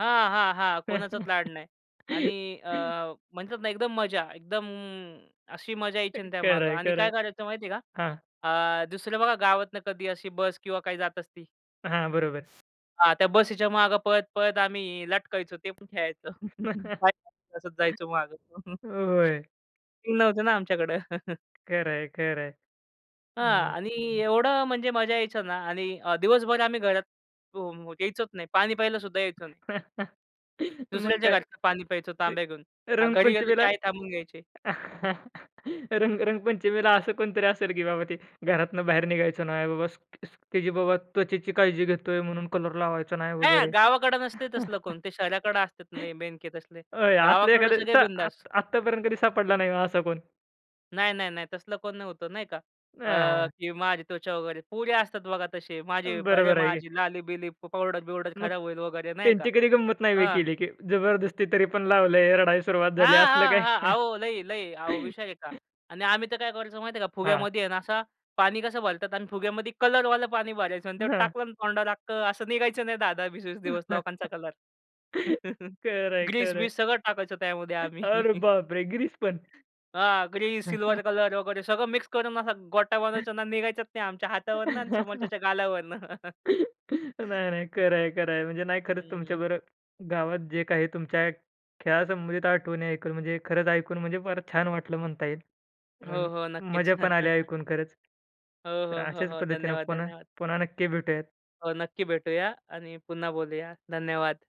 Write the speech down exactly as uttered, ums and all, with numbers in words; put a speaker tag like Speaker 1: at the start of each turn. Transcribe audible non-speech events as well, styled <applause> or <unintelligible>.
Speaker 1: हां, हां, हां, कोणाचाच लाड नाही आणि अ,
Speaker 2: <laughs>
Speaker 1: म्हणतात ना एकदम मजा, एकदम अशी मजा यायची ना
Speaker 2: खरं
Speaker 1: त्यामागे
Speaker 2: आहे,
Speaker 1: आणि
Speaker 2: खरं
Speaker 1: काय
Speaker 2: आहे.
Speaker 1: करायचं माहितीये का
Speaker 2: हां.
Speaker 1: अ, दुसरं बघा गावातून कधी अशी बस किंवा काही जात असती.
Speaker 2: हां, बरोबर.
Speaker 1: हां, त्या बसच्या मागे पळत पळत आम्ही लटकायचो, ते पण खेळायचो. <chuckles>
Speaker 2: <chuckles>
Speaker 1: <unintelligible> जायचो मागं. <chuckles>
Speaker 2: होय.
Speaker 1: <unintelligible> नव्हते ना आमच्याकडं.
Speaker 2: खरं आहे, खरं आहे.
Speaker 1: हां,
Speaker 2: मग.
Speaker 1: आणि एवढं म्हणजे मजा यायचं ना आणि अ, दिवसभर आम्ही घरात <unintelligible> यायचोच नाही. पाणी प्यायलासुद्धा यायचं नाही.
Speaker 2: <chuckles> मग
Speaker 1: दुसऱ्याच्या
Speaker 2: काय
Speaker 1: घरचं पाणी प्यायचो
Speaker 2: म्हणजे
Speaker 1: तांब्या घेऊन, अ, घरी गेलो की
Speaker 2: रंगपंचमीला.
Speaker 1: आई थांबून घ्यायची.
Speaker 2: <chuckles> रंग रंगपंचमीला असं कोणीतरी असेल की बाबा ते घरातनं बाहेर निघायचं नाही बाबा, की जी बाबा त्वचेची काळजी घेतोय म्हणून कलर लावायचा नाही
Speaker 1: हां,
Speaker 2: वगैरे.
Speaker 1: गावाकडे नसते तसलं कोण. ते शहराकडे असते
Speaker 2: <chuckles>
Speaker 1: नाही बेणके तसले.
Speaker 2: अय, असले
Speaker 1: गावाकडं
Speaker 2: एखादे
Speaker 1: सगळे
Speaker 2: तर
Speaker 1: बिंदास.
Speaker 2: आत आत्तापर्यंत कधी सापडला नाही का असं कोण?
Speaker 1: नाही, नाही, नाही. तसलं कोण नव्हतं नाही का अ,
Speaker 2: हां.
Speaker 1: की माझी त्वचा वगैरे, पोरी असतात बघा तसे माझे अरे,
Speaker 2: बरोबर आहे
Speaker 1: माझी
Speaker 2: की.
Speaker 1: लाली-बिली, पावडर-बिउडर
Speaker 2: मग
Speaker 1: खराब होईल वगैरे नाही का.
Speaker 2: त्यांची कधी गंमत नाही होय
Speaker 1: अ
Speaker 2: केली की जबरदस्ती तरी पण लावलंय, रडायला सुरुवात
Speaker 1: हां,
Speaker 2: झाली असलं
Speaker 1: हां, हां.
Speaker 2: काय?
Speaker 1: अहो लई-लई अहो विषय आहे का
Speaker 2: <chuckles>
Speaker 1: आणि आम्ही तर काय करायचो माहिती आहे का,
Speaker 2: हां.
Speaker 1: फुग्यामध्ये आहे ना असं पाणी कसं भरतात आणि फुग्यामध्ये कलरवालं पाणी भरायचो आणि ते
Speaker 2: हं.
Speaker 1: टाकलं ना तोंडावर, अख्खं असं निघायचं नाही दहा दहा वीस वीस दिवस
Speaker 2: <chuckles>
Speaker 1: लोकांचा कलर. <chuckles>
Speaker 2: खरं आहे, खरं आहे.
Speaker 1: ग्रीस-बीस सगळं टाकायचं त्यामध्ये
Speaker 2: <chuckles>
Speaker 1: आम्ही.
Speaker 2: अरे
Speaker 1: <chuckles>
Speaker 2: बापरे! ग्रीस पण.
Speaker 1: हां, ग्रीन,
Speaker 2: <chuckles>
Speaker 1: सिल्वर कलर वगैरे सगळं मिक्स करून असा गोटा बनवायचो ना, निघायचाच नाही आमच्या हातावरनं आणि
Speaker 2: <laughs>
Speaker 1: समोरच्याच्या गालावरनं.
Speaker 2: <laughs> नाही, नाही,
Speaker 1: <chuckles>
Speaker 2: खरं आहे, खरं आहे. म्हणजे नाही, खरंच
Speaker 1: हं.
Speaker 2: तुमच्याबरोबर गावात जे काही तुमच्या खेळासंबंधित आठवणी ऐकून म्हणजे खरंच ऐकून म्हणजे फारच छान वाटलं म्हणता येईल.
Speaker 1: हो,
Speaker 2: अं,
Speaker 1: हो, नक्कीच.
Speaker 2: मजा पण आली
Speaker 1: <chuckles>
Speaker 2: ऐकून खरंच.
Speaker 1: हो,
Speaker 2: तर
Speaker 1: हो, हो,
Speaker 2: अशाच
Speaker 1: हो.
Speaker 2: पद्धतीने
Speaker 1: धन्यवाद,
Speaker 2: पुन्हा
Speaker 1: धन्यवाद.
Speaker 2: पुन्हा नक्की भेटूयात.
Speaker 1: हो, नक्की भेटूया आणि पुन्हा बोलूया. धन्यवाद.